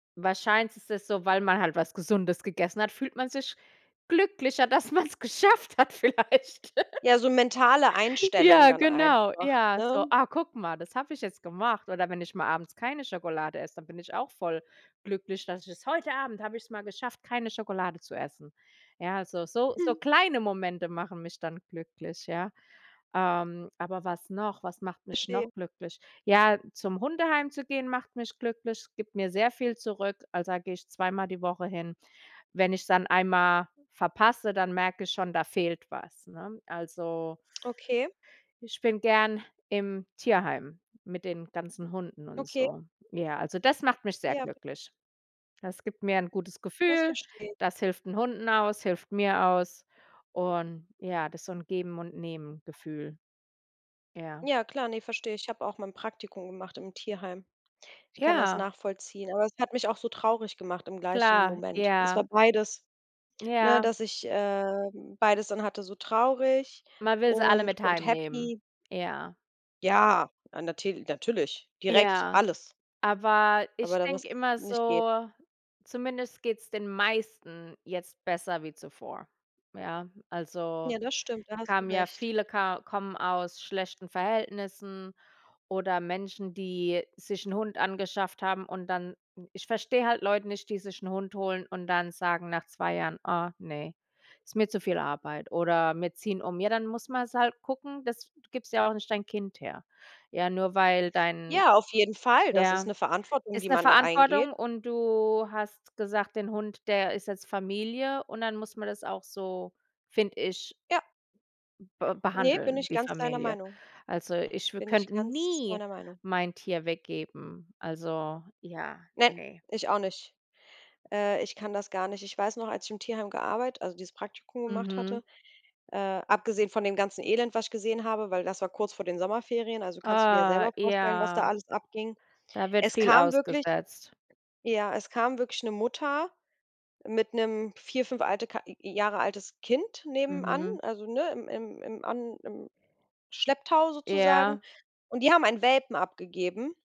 Wahrscheinlich ist es so, weil man halt was Gesundes gegessen hat, fühlt man sich glücklicher, dass man's geschafft hat vielleicht. Ja, so mentale Einstellung Ja, dann genau. einfach, Ja, ne? so: „Ah, guck mal, das habe ich jetzt gemacht.“ Oder wenn ich mal abends keine Schokolade esse, dann bin ich auch voll glücklich, dass ich es: „Heute Abend habe ich es mal geschafft, keine Schokolade zu essen.” Ja, so so so Hm. kleine Momente machen mich dann glücklich, ja, ähm, aber was noch? Was macht mich Verstehe. noch glücklich? Ja, zum Hundeheim zu gehen, macht mich glücklich es gibt mir sehr viel zurück. Also, da gehe ich zweimal die Woche hin. Wenn ich's dann einmal verpasse, dann merke ich schon, da fehlt was, ne? Also Okay. ich bin gerne im Tierheim mit den ganzen Hunden und Okay. so. Ja, also das macht mich sehr Ja b glücklich. Das gibt mir 'n gutes Das Gefühl, verstehe ich. das hilft 'n Hunden aus, hilft mir aus und, ja, das ist so 'n Geben-und-Nehmen-Gefühl. Ja. Ja klar, ne, verstehe ich. Ich habe auch mal 'n Praktikum gemacht im Tierheim. Ich kann das Ja. nachvollziehen, aber es hat mich auch so traurig gemacht im gleichen Klar, Moment. Es war ja. beides ne, Ja. dass ich, ähm, beides dann hatte, so traurig Man will sie alle und mit und heimnehmen, happy. ja. Ja, ah, natil natürlich, direkt Ja. alles Aber aber ich da denke wirst immer nicht geh so: „Zumindest geht's den meisten jetzt besser wie zuvor”, ja. Also, Ja, das stimmt, da die hast du kamen ja recht. viele ka kommen aus schlechten Verhältnissen oder Menschen, die sich 'n Hund angeschafft haben, und dann ich verstehe halt Leute nicht, die sich 'n Hund holen und dann sagen nach 2 Jahren: „Oh, ne, ist mir zu viel Arbeit“ oder „Wir ziehen um.“ Ja, dann muss man's halt gucken dass du gibst ja auch nicht dein Kind her, ja, nur weil dein Ja, auf jeden Fall. Das ist ja, 'ne Verantwortung, ist die 'ne man da eingeht. Verantwortung und du hast gesagt: „Den Hund, der ist jetzt Familie”, und dann muss man das auch so, finde ich Ja. be Ne, bin behandeln ich wie ganz deiner Familie. Meinung. Also, ich w Bin ich könnte ganz nie deiner Meinung. mein Tier weggeben. Also, ja, Nein, ne. ich auch nicht, äh, ich kann das gar nicht. Ich weiß noch, als ich im Tierheim gearbeit also dieses Praktikum gemacht Mhm. hatte, äh, abgesehen von dem ganzen Elend, was ich gesehen habe, weil das war kurz vor den Sommerferien, also kannst du dir ja Oh, selber vorstellen, was da ja. alles abging. Da wird Es viel kam wirklich ausgesetzt. ja, es kam wirklich 'ne Mutter mit 'nem 4, 5 alte K Jahre altes Kind nebenan, Mhm. also, ne, im im an im Schlepptau sozusagen, Ja. und die haben einen Welpen abgegeben.